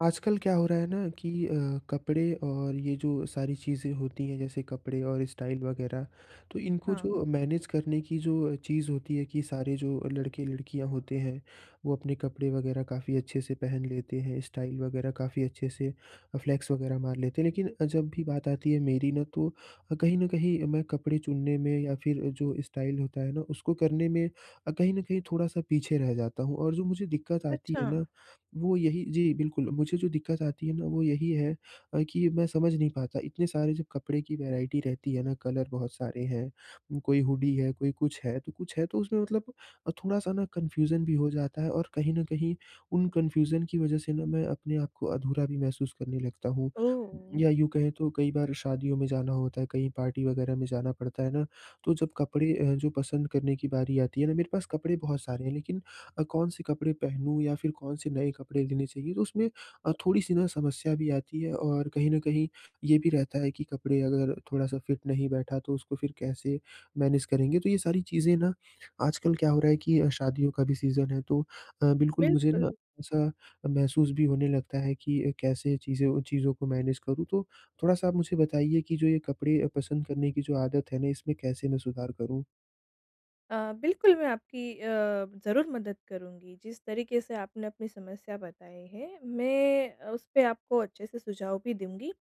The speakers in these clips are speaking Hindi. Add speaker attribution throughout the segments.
Speaker 1: आजकल क्या हो रहा है ना कि अ, कपड़े और ये जो सारी चीज़ें होती हैं जैसे कपड़े और स्टाइल वग़ैरह, तो इनको
Speaker 2: हाँ।
Speaker 1: जो मैनेज करने की जो चीज़ होती है कि सारे जो लड़के-लड़कियाँ होते हैं, वो अपने कपड़े वग़ैरह काफ़ी अच्छे से पहन लेते हैं। स्टाइल वग़ैरह काफ़ी अच्छे से, फ्लेक्स वग़ैरह मार लेते हैं लेकिन जब भी बात आती है मेरी ना तो, कहीं न कहीं मैं कपड़े चुनने में या फिर जो स्टाइल होता है ना उसको करने में, कहीं न कहीं थोड़ा-सा पीछे रह जाता हूँ, और जो मुझे दिक्कत आती है
Speaker 2: अच्छा।
Speaker 1: ना, वो यही जी। बिल्कुल, मुझे जो दिक्कत आती है ना वो यही है, कि मैं समझ नहीं पाता इतने सारे जो कपड़े की वैराइटी रहती है ना कलर बहुत सारे हैं। कोई हुडी है कोई कुछ है, तो कुछ है तो उसमें मतलब थोड़ा-सा ना कन्फ्यूजन भी हो जाता है और कहीं न कहीं उन कन्फ्यूजन की वज़ह से ना मैं अपने आपको अधूरा भी महसूस करने लगता हूँ।
Speaker 2: ओह!
Speaker 1: या यूँ कहें तो कई बार शादियों में जाना होता है, कहीं पार्टी वग़ैरह में जाना पड़ता है ना, तो जब कपड़े अ, जो पसंद करने की बारी आती है ना मेरे पास कपड़े बहुत सारे हैं लेकिन अ, कौन-से कपड़े पहनूँ या फिर कौन-से नए कपड़े लेने चाहिए। तो उसमें अ, थोड़ी-सी ना समस्या भी आती है और कहीं न कहीं ये भी रहता है कि कपड़े अगर थोड़ा-सा फिट नहीं बैठा तो उसको फिर कैसे मैनेज करेंगे? तो ये सारी चीज़ें ना आजकल क्या हो रहा है कि शादियों का भी सीज़न है तो बिल्कुल अ, मुझे ना
Speaker 2: बिल्कुल।
Speaker 1: ऐसा महसूस भी होने लगता है कि अ, कैसे चीज़ें चीज़ों को मैनेज करूँ, तो थोड़ा-सा आप मुझे बताइए कि जो ये कपड़े पसंद करने की जो आदत है ना इसमें कैसे मैं सुधार करूँ?
Speaker 2: अ, बिल्कुल मैं आपकी अ, ज़रूर मदद करूँगी। जिस तरीक़े से आपने अपनी समस्या बताई है मैं अ, उसपे आपको अच्छे से सुझाव भी दूँगी।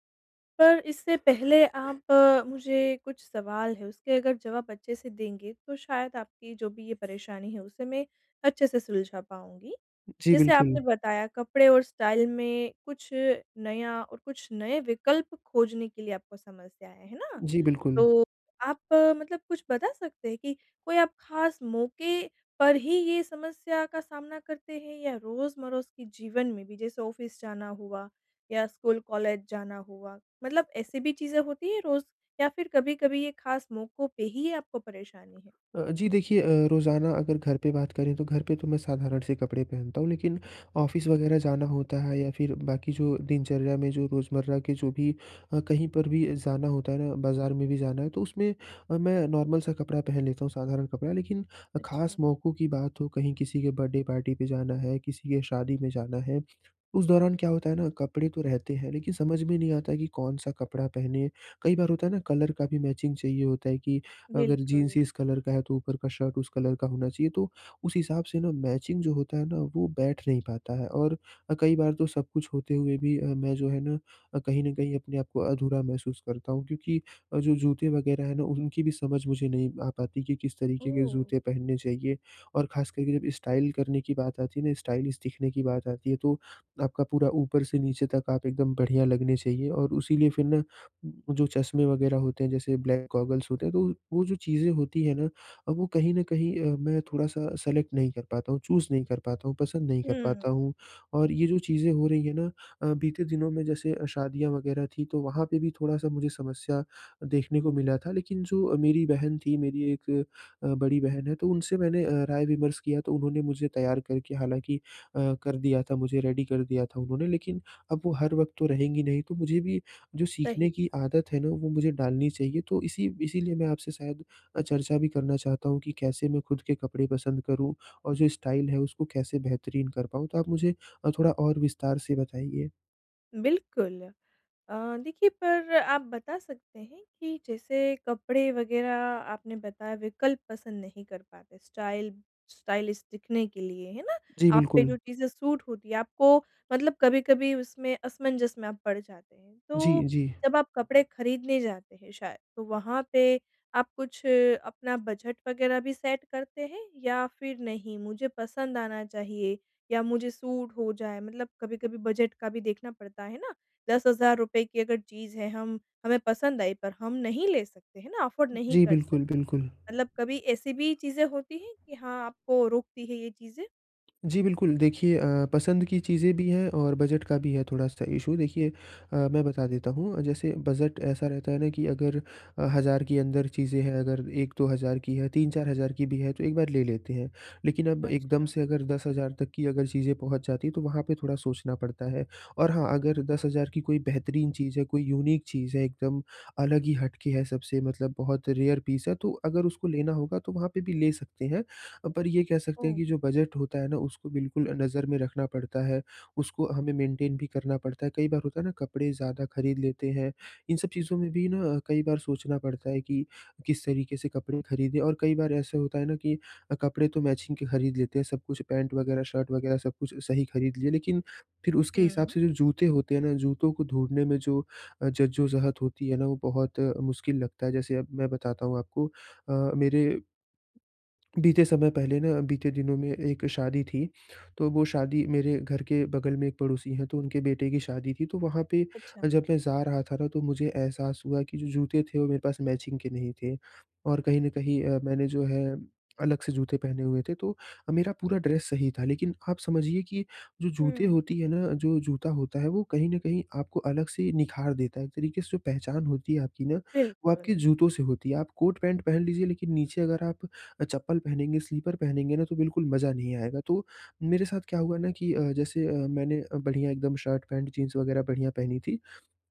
Speaker 2: पर इससे पहले, आप मुझे कुछ सवाल हैं उसके अगर जवाब अच्छे से देंगे तो शायद आपकी जो भी ये परेशानी है उसे मैं अच्छे से सुलझा पाऊँगी।
Speaker 1: जी,
Speaker 2: जैसे आपने
Speaker 1: बिल्कुल।
Speaker 2: बताया कपड़े और स्टाइल में कुछ नया और कुछ नए विकल्प खोजने के लिए आपको समस्या है, है ना?
Speaker 1: जी, बिल्कुल।
Speaker 2: तो आप, मतलब कुछ बता सकते हैं कि कोई आप ख़ास मौके पर ही ये समस्या का सामना करते हैं, या रोज़-मरोज़ के जीवन में भी जैसे ऑफिस जाना हुआ या स्कूल कॉलेज जाना हुआ मतलब ऐसी भी चीज़ें होती हैं रोज़ या फ़िर कभी-कभी ये ख़ास मौकों पे ही ये आपको परेशानी है?
Speaker 1: अ अ, जी देखिए अ, रोज़ाना अगर घर पे बात करें तो घर पे तो मैं साधारण-से कपड़े पहनता हूँ लेकिन ऑफिस वग़ैरह जाना होता है या फ़िर बाक़ी जो दिनचर्या में जो रोज़मर्रा के जो भी अ, कहीं पर भी जाना होता है ना बाज़ार में भी जाना है तो उसमें अ, मैं नॉर्मल सा कपड़ा पहन लेता हूँ साधारण कपड़ा। लेकिन ख़ास
Speaker 2: अच्छा।
Speaker 1: मौकों की बात हो, कहीं किसी के बर्थडे पार्टी पे जाना है किसी के शादी में जाना है, उस दौरान क्या होता है ना कपड़े तो रहते हैं लेकिन समझ में नहीं आते कि कौन-सा कपड़ा पहनें। कई बार होता है ना कलर का भी मैचिंग चाहिए होता है कि अगर
Speaker 2: बिल्कुल।
Speaker 1: जीन्स इस कलर का है तो ऊपर का शर्ट उस कलर का होना चाहिए। तो उस हिसाब से ना मैचिंग जो होता है ना वो बैठ नहीं पाता है। और अ, कई बार तो सब कुछ होते हुए भी अ, मैं जो है न अ, कहीं न कहीं अपने आप को अधूरा महसूस करता हूँ। क्योंकि अ, जो जूते वग़ैरह हैं ना उनकी भी समझ मुझे नहीं आ पाती कि किस तरीके के
Speaker 2: ओह!
Speaker 1: जूते पहनने चाहिए। और ख़ास करके जब स्टाइल करने की बात आती है ना स्टाइलिश दिखने की बात आती है तो आपका पूरा ऊपर से नीचे तक आप एकदम बढ़िया लगने चाहिएँ। और उसी लिए फ़िर ना जो चश्मे वग़ैरह होते हैं जैसे ब्लैक गॉगल्स होते हैं तो वो वो जो चीज़ें होती हैं ना अब वो कहीं न कहीं अ, मैं थोड़ा-सा सेलेक्ट नहीं कर पाता हूँ चूज़ नहीं कर पाता हूँ पसंद नहीं कर पाता
Speaker 2: हुँ।
Speaker 1: हूँ। और ये जो चीज़ें हो रही हैं ना अ, बीते दिनों में जैसे शादियाँ वग़ैरह थी तो वहाँ पे भी थोड़ा-सा मुझे समस्या देखने को मिला था लेकिन जो मेरी बहन थी मेरी 1 अ, बड़ी बहन है तो उनसे मैंने अ, राय विमर्श किया तो उन्होंने मुझे तैयार करके हालाँकि अ, कर दिया था मुझे रेडी कर दिया था उन्होंने लेकिन अब वो हर वक़्त तो रहेंगी नहीं तो मुझे भी जो
Speaker 2: सही
Speaker 1: सीखने की
Speaker 2: बात है।
Speaker 1: आदत है ना वो मुझे डालनी चाहिए। तो इसी इसीलिए मैं आपसे शायद अ, चर्चा भी करना चाहता हूँ कि कैसे मैं ख़ुद के कपड़े पसंद करूँ और जो स्टाइल है उसको कैसे बेहतरीन कर पाऊँ तो आप मुझे अ, थोड़ा और विस्तार से बताइए।
Speaker 2: बिल्कुल। अ, देखिए पर आप बता सकते हैं कि जैसे कपड़े वगैरह आपने बताया विकल्प पसंद नहीं कर पाते स्टाइल स्टाइलिश दिखने के लिए है ना?
Speaker 1: जी,
Speaker 2: आप पे
Speaker 1: बिल्कुल।
Speaker 2: जो चीज़ें सूट होती हैं आपको मतलब कभी-कभी उसमें असमंजस में आप पड़ जाते हैं।
Speaker 1: जी,
Speaker 2: तो
Speaker 1: जी।
Speaker 2: जब आप कपड़े ख़रीदने जाते हैं शायद तो वहाँ पे आप कुछ अपना बजट वगैरह भी सेट करते हैं? या फिर नहीं, मुझे पसंद आना चाहिए या मुझे सूट हो जाए मतलब कभी-कभी बजट का भी देखना पडता है ना? ₹10,000 की अगर चीज़ है हम हमें पसंद आई पर हम नहीं ले सकते हैं ना अफ़ोर्ड नहीं
Speaker 1: जी
Speaker 2: कर सकते,
Speaker 1: बिल्कुल, बिल्कुल।
Speaker 2: मतलब कभी ऐसी भी चीजें होती हैं कि हाँ, आपको रोकती है ये चीजें?
Speaker 1: जी बिल्कुल। देखिए अ, पसंद की चीजें भी हैं और बजट का भी है थोड़ा-सा इश्यू देखिए अ, मैं बता देता हूँ। जैसे बजट ऐसा रहता है ना कि अगर अ, 1,000 के अंदर चीजें हैं अगर 1-2,000 की है 3-4,000 की भी हैं तो एक बार ले लेते हैं। लेकिन अब एकदम
Speaker 2: अच्छा।
Speaker 1: से अगर 10,000 तक की अगर चीजें पहुँच जाती तो वहाँ पे थोड़ा सोचना पड़ता है। और हाँ, अगर 10,000 की कोई बेहतरीन चीज़ है कोई यूनिक चीज़ है एकदम अलग ही हट के है सबसे मतलब बहुत रेयर पीस है तो अगर उसको लेना होगा तो वहाँ पे भी ले सकते हैं। अ, पर ये कह सकते हैं
Speaker 2: ओह!
Speaker 1: कि जो बजट होता है ना उसको बिल्कुल नज़र में रखना पड़ता है उसको हमें मेंटेन भी करना पड़ता है। कई बार होता है ना कपड़े ज़्यादा ख़रीद लेते हैं। इन सब चीज़ों में भी ना अ, कई बार सोचना पड़ता है कि किस तरीके से कपड़े ख़रीदें, और कई बार ऐसा होता है ना कि अ, कपड़े तो मैचिंग के ख़रीद लेते हैं सब कुछ पैंट वगैरह शर्ट वगैरह सब कुछ सही ख़रीद लिए लेकिन फिर उसके हिसाब से
Speaker 2: हुँ।
Speaker 1: जो जूते होते हैं ना जूतों को ढूँढने में जो अ, जज्जो-ज़हत होती है ना वो बहुत अ, मुश्क़िल लगता है जैसे अब मैं बताता हूँ आपको। अ, मेरे बीते समय पहले ना बीते दिनों में एक शादी थी। तो वो शादी मेरे घर के बग़ल में एक पड़ोसी है तो उनके बेटे की शादी थी। तो वहाँ पे अ,
Speaker 2: अच्छा।
Speaker 1: जब मैं जा रहा था ना तो मुझे एहसास हुआ कि जो जूते थे वो मेरे पास मैचिंग के नहीं थे। और कहीं न कहीं अ, मैंने जो है अलग से जूते पहने हुए थे। तो अ, मेरा पूरा ड्रेस सही था लेकिन आप समझिए कि जो जूते
Speaker 2: हुँ।
Speaker 1: होती है ना जो जूता होता है वो कहीं न कहीं आपको अलग से ही निख़ार देता है, एक तरीके से जो पहचान होती है आपकी ना, वो आपके
Speaker 2: बिल्कुल।
Speaker 1: जूतों से होती है। आप कोट-पैंट पहन लीजिए लेकिन नीचे अगर आप चप्पल पहनेंगे स्लीपर पहनेंगे ना तो बिल्कुल मज़ा नहीं आएगा। तो मेरे साथ क्या हुआ ना कि अ, जैसे अ, मैंने बढ़िया एकदम शर्ट-पैंट जीन्स वगैरह बढ़िया पहनी थी।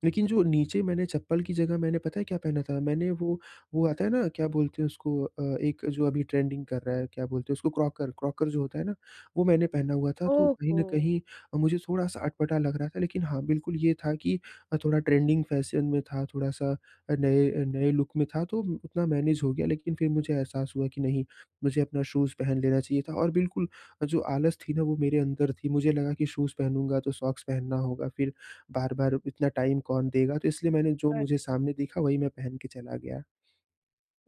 Speaker 1: लेकिन जो नीचे मैंने चप्पल की जगह मैंने पता है क्या पहना था मैंने वो वो आता है ना क्या बोलते हैं उसको अ, एक जो अभी ट्रेंडिंग कर रहा है क्या बोलते हैं उसको क्रॉकर, क्रॉकर जो होता है ना, वो मैंने पहना हुआ था तो
Speaker 2: ओह
Speaker 1: कहीं न
Speaker 2: हो!
Speaker 1: कहीं अ, मुझे थोड़ा-सा अटपटा लग रहा था। लेकिन हाँ बिल्कुल ये था कि अ, थोड़ा ट्रेंडिंग फैशन में था थोड़ा-सा नए नए लुक में था तो उतना मैनेज़ हो गया लेकिन फिर मुझे एहसास हुआ कि नहीं, मुझे अपना शूज़ पहन लेना चाहिए था और बिल्कुल जो आलस थी ना वो मेरे अंदर थी। मुझे लगा कि शूज़ पहनूँगा तो सॉक्स पहनना होगा फिर बार-बार अब इतना टाइम कौन देगा। तो इसलिए मैंने जो मुझे
Speaker 2: अच्छा।
Speaker 1: सामने दिखा वही मैं पहन के चला गया।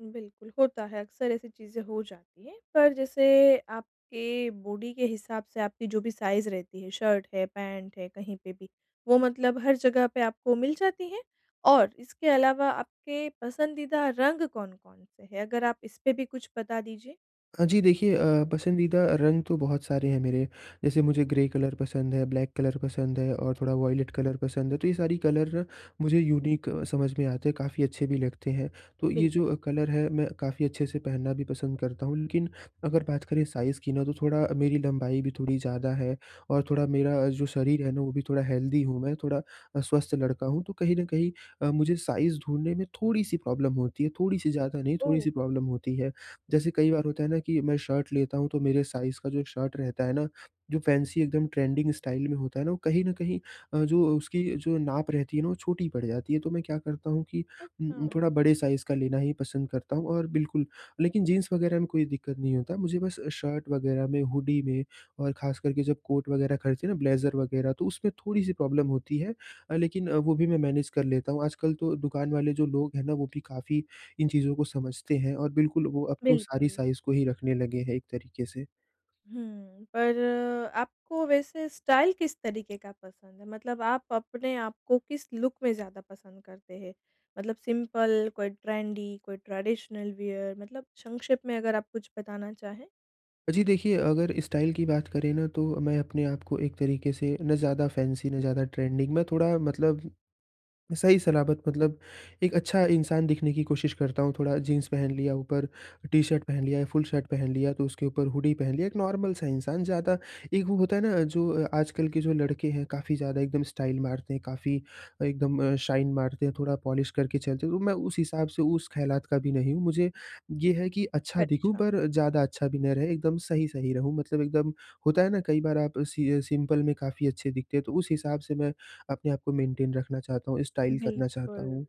Speaker 2: बिल्कुल, होता है, अक़्सर ऐसी चीज़ें हो जाती है। पर जैसे आपके बॉडी के हिसाब से आपकी जो भी साइज़ रहती है शर्ट है, पेंट हैं, कहीं पे भी, वो मतलब हर जगह पे आपको मिल जाती है? और इसके अलावा आपके पसंदीदा रंग कौन-कौन से हैं अगर आप इसपे भी कुछ बता दीजिए?
Speaker 1: हाँ जी। देखिए अ, पसंदीदा रंग तो बहुत सारे हैं मेरे, जैसे मुझे ग्रे कलर पसंद है, ब्लैक कलर पसंद है और थोड़ा वॉयलेट कलर पसंद है, तो ये सारी कलर मुझे यूनिक अ, समझ में आते हैं काफ़ी अच्छे भी लगते हैं। तो ये जो
Speaker 2: बिल्कुल।
Speaker 1: अ, कलर है मैं काफ़ी अच्छे से पहनना भी पसंद करता हूँ लेकिन अगर बात करें साइज़ की ना तो थोड़ा मेरी लम्बाई भी थोड़ी ज़्यादा है, और थोड़ा मेरा जो शरीर है वो भी थोड़ा हेल्दी हूँ मैं, थोड़ा स्वस्थ लड़का हूँ। तो कहीं न कहीं अ, मुझे साइज़ ढूँढने में थोड़ी-सी प्रॉब्लम होती है, थोड़ी-सी ज़्यादा नहीं
Speaker 2: ओह!
Speaker 1: थोड़ी-सी प्रॉब्लम होती है। जैसे कई बार होता है ना कि मैं शर्ट लेता हूँ तो मेरे साइज़ का जो एक शर्ट रहता है ना, जो फ़ैन्सी एकदम ट्रेंडिंग स्टाइल में होता है ना वो कहीं न कहीं अ, जो अ, उसकी अ, जो नाप रहती है ना वो छोटी पड़ जाती है, तो मैं क्या करता हूँ कि उ
Speaker 2: अच्छा।
Speaker 1: उम, थोड़ा बड़े साइज़ का लेना ही पसंद करता हूँ और बिल्कुल, लेकिन जीन्स वग़ैरह में कोई दिक्कत नहीं होता। मुझे बस अ, शर्ट वग़ैरह में, हुडी में, और ख़ास कर के जब कोट वग़ैरह खरीदते हैं ना ब्लेज़र वग़ैरह तो उसमें थोड़ी-सी प्रॉब्लम होती है। अ, लेकिन अ, वो भी मैं मैनेज़ कर लेता हूँ। आजकल तो दुकान वाले जो लोग हैं ना वो भी काफ़ी इन चीज़ों को समझते हैं और बिल्कुल, वो अब तो सारी
Speaker 2: बिल्कुल।
Speaker 1: साइज़ को ही रखने लगे हैं एक तरीके से।
Speaker 2: हुँ, पर आपको वैसे स्टाइल किस तरीके का पसंद है? मतलब आप अपने आप को किस लुक में ज़्यादा पसंद करते हैं? मतलब सिंपल कोई ट्रेंडी कोई ट्रेडिशनल वियर मतलब संक्षेप में अगर आप कुछ बताना चाहें?
Speaker 1: जी, देखिए अगर स्टाइल की बात करें न तो, मैं अपने आप को एक तरीके से ना ज़्यादा फैंसी ना ज़्यादा ट्रेंडिंग मैं थोड़ा मतलब, सही सलामत मतलब एक अच्छा इंसान दिखने की कोशिश करता हूँ। थोड़ा जीन्स पहन लिया, ऊपर टी शर्ट पहन लिया या फुल शर्ट पहन लिया, तो उसके ऊपर हुडी पहन लिया एक नॉर्मल सा इंसान ज़्यादा एक वो होता है ना जो अ, आजकल के जो लड़के हैं, काफ़ी ज़्यादा एकदम स्टाइल मारते हैं, काफ़ी अ, एकदम शाइन मारते हैं थोड़ा पॉलिश करके चलते हैं। तो मैं उस हिसाब से, उस ख़यालात का भी नहीं हूँ। मुझे, ये है कि अच्छा दिखूँ
Speaker 2: अच्छा।
Speaker 1: पर ज़्यादा अच्छा भी नहीं रहे, एकदम सही-सही रहूँ। मतलब एकदम होता है ना, कई बार आप सिअ सिंपल में काफ़ी अच्छे दिखते हैं। तो उस हिसाब से मैं अपने आप को मेंटेन रखना चाहता हूँ स्टाइल करना चाहता
Speaker 2: बिल्कुल।
Speaker 1: हूँ।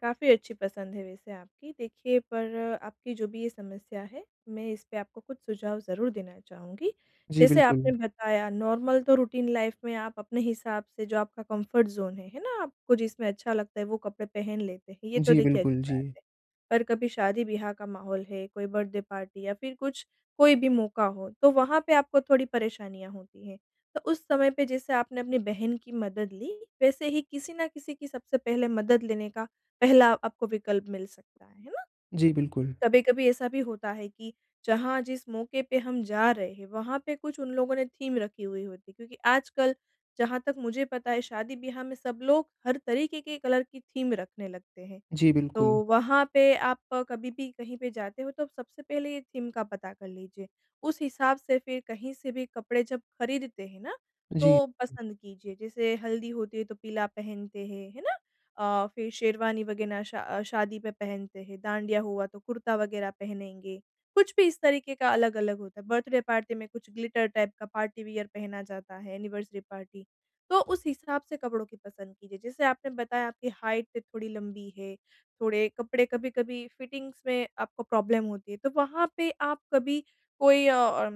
Speaker 2: काफ़ी अच्छी पसंद है वैसे आपकी देखिए पर आपकी जो भी ये समस्या है मैं इसपे आपको कुछ सुझाव ज़रूर देना चाहूँगी।
Speaker 1: जी,
Speaker 2: जैसे आपने
Speaker 1: बिल्कुल।
Speaker 2: बताया नॉर्मल तो रूटीन लाइफ़ में आप अपने हिसाब से जो आपका कम्फर्ट ज़ोन है, है ना? आपको जिसमें अच्छा लगता है वो कपड़े पहन लेते हैं, ये तो
Speaker 1: जी,
Speaker 2: देखिए
Speaker 1: बिल्कुल,
Speaker 2: अच्छी बात
Speaker 1: जी।
Speaker 2: है। पर कभी शादी-ब्याह का माहौल है, कोई बर्थडे पार्टी या फिर कुछ कोई भी मौका हो, तो वहाँ पे आपको थोड़ी परेशानियाँ होती हैं। तो उस समय पे जैसे आपने अपनी बहन की मदद ली, वैसे ही किसी ना किसी की सबसे पहले मदद लेने का पहला आपको विकल्प मिल सकता है, है ना?
Speaker 1: जी, बिल्कुल।
Speaker 2: कभी-कभी ऐसा भी होता है कि, जहाँ जिस मौके पे हम जा रहे हैं, वहाँ पे कुछ उन लोगों ने थीम रखी हुई होती है, क्योंकि आजकल जहाँ तक मुझे पता है, शादी ब्याह में सब लोग हर तरीके के कलर की थीम रखने लगते हैं।
Speaker 1: जी,
Speaker 2: तो
Speaker 1: बिल्कुल।
Speaker 2: वहाँ पे आप कभी भी कहीं पे जाते हो, तो सबसे पहले ये थीम का पता कर लीजिए उस हिसाब से फिर कहीं से भी कपड़े जब खरीदते हैं ना
Speaker 1: जी।
Speaker 2: तो पसंद कीजिए। जैसे हल्दी होती है, तो पीला पहनते हैं। है ना? अ, फिर शेरवानी वग़ैरह शा शादी में पहनते हैं, डाँडिया हुआ, तो कुर्ता वग़ैरह पहनेंगे। कुछ भी इस तरीके का अलग-अलग होता है। बर्थडे पार्टी में कुछ ग्लिटर टाइप का पार्टी वियर पहना जाता है एनिवर्सरी पार्टी तो उस हिसाब से कपड़ों की पसंद कीजिए। जैसे आपने बताया आपकी हाइट थोड़ी लम्बी है, थोड़े कपड़े कभी-कभी फिटिंग्स में आपको प्रॉब्लम होती है, तो वहाँ पे आप कभी कोई अ,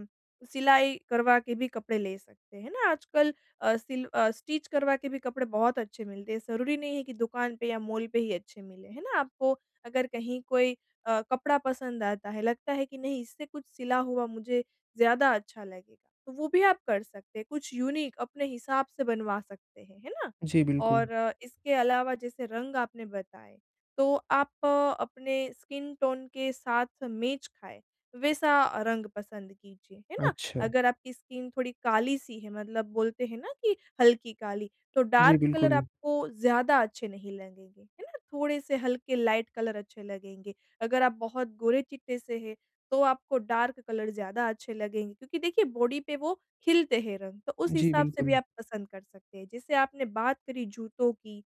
Speaker 2: सिलाई करवा के भी कपड़े ले सकते हैं ना, आजकल अ, सिल स्टिच करवा के भी कपड़े बहुत अच्छे मिलते हैं, ज़रूरी नहीं है कि दुकान पे या माल पे ही अच्छे मिलें। है ना? आपको अगर कहीं कोई अ, कपड़ा पसंद आता है, लगता है कि नहीं इससे कुछ सिला हुआ, मुझे ज़्यादा अच्छा लगेगा, तो वो भी आप कर सकते हैं, कुछ यूनिक अपने हिसाब से बनवा सकते हैं। है ना?
Speaker 1: जी, बिल्कुल।
Speaker 2: और इसके अलावा जैसे रंग आपने बताए, तो आप अपने स्किन टोन के साथ मेच खाएँ, वैसा रंग पसंद कीजिए। है ना
Speaker 1: अच्छा।
Speaker 2: अगर आप की स्किन थोड़ी काली सी है, मतलब बोलते हैं ना कि हल्की काली तो
Speaker 1: जी,
Speaker 2: डार्क कलर
Speaker 1: बिल्कुल।
Speaker 2: आपको ज़्यादा अच्छे नहीं लगेंगे। है ना? थोड़े से हल्के लाइट कलर अच्छे लगेंगे। अगर आप बहुत गोरे-चिट्टे से हैं, तो आपको डार्क कलर ज़्यादा अच्छे लगेंगे, क्योंकि देखिए बॉडी पे वो हिलते हैं रंग, तो उस
Speaker 1: जी,
Speaker 2: हिसाब से भी
Speaker 1: बिल्कुल।
Speaker 2: आप पसंद कर सकते हैं। जैसे आपने बात करी जूतों की।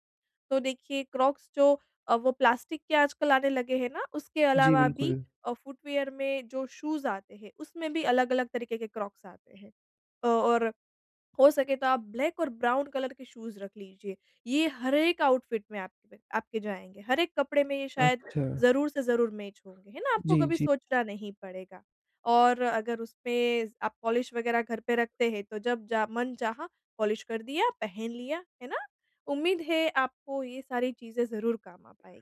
Speaker 2: तो देखिए क्रॉक्स जो अ, वो प्लास्टिक के आजकल आने लगे हैं ना उसके
Speaker 1: जी,
Speaker 2: अलावा भी
Speaker 1: बिल्कुल।
Speaker 2: अ, फुटवियर में जो शूज आते हैं, उसमें भी अलग-अलग तरीके के क्रॉक्स आते हैं। और हो सके तो आप ब्लैक और ब्राउन कलर के शूज रख लीजिए। ये हर एक आउटफिट में आपपे आपके जाएँगे। हर एक कपड़े में ये शायद
Speaker 1: अच्छा।
Speaker 2: ज़रूर से ज़रूर मैच होंगे। है ना? आपको
Speaker 1: जी,
Speaker 2: कभी
Speaker 1: जी।
Speaker 2: सोचना नहीं पड़ेगा। और अगर उसमें आप पॉलिश वग़ैरह घर पे रखते हैं, तो जब जा मन चाहा पॉलिश कर दिया, पहन लिया। है ना? उम्मीद है आपको ये सारी चीज़ें ज़रूर काम आ पाए।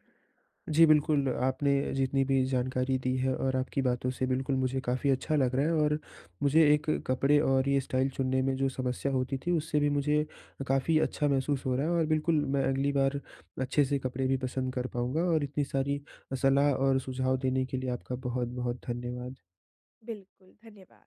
Speaker 1: जी बिल्कुल, आपने जितनी भी जानकारी दी है और आपकी बातों से बिल्कुल मुझे काफ़ी अच्छा लग रहा है और मुझे एक कपड़े और ये स्टाइल चुनने में जो समस्या होती थी, उससे भी मुझे काफ़ी अच्छा महसूस हो रहा है। और बिल्कुल मैं अगली बार अच्छे से कपड़े भी पसंद कर पाऊँगा और इतनी सारी सलाह और सुझाव देने के लिए आपका बहुत-बहुत धन्यवाद।
Speaker 2: बिल्कुल, धन्यवाद।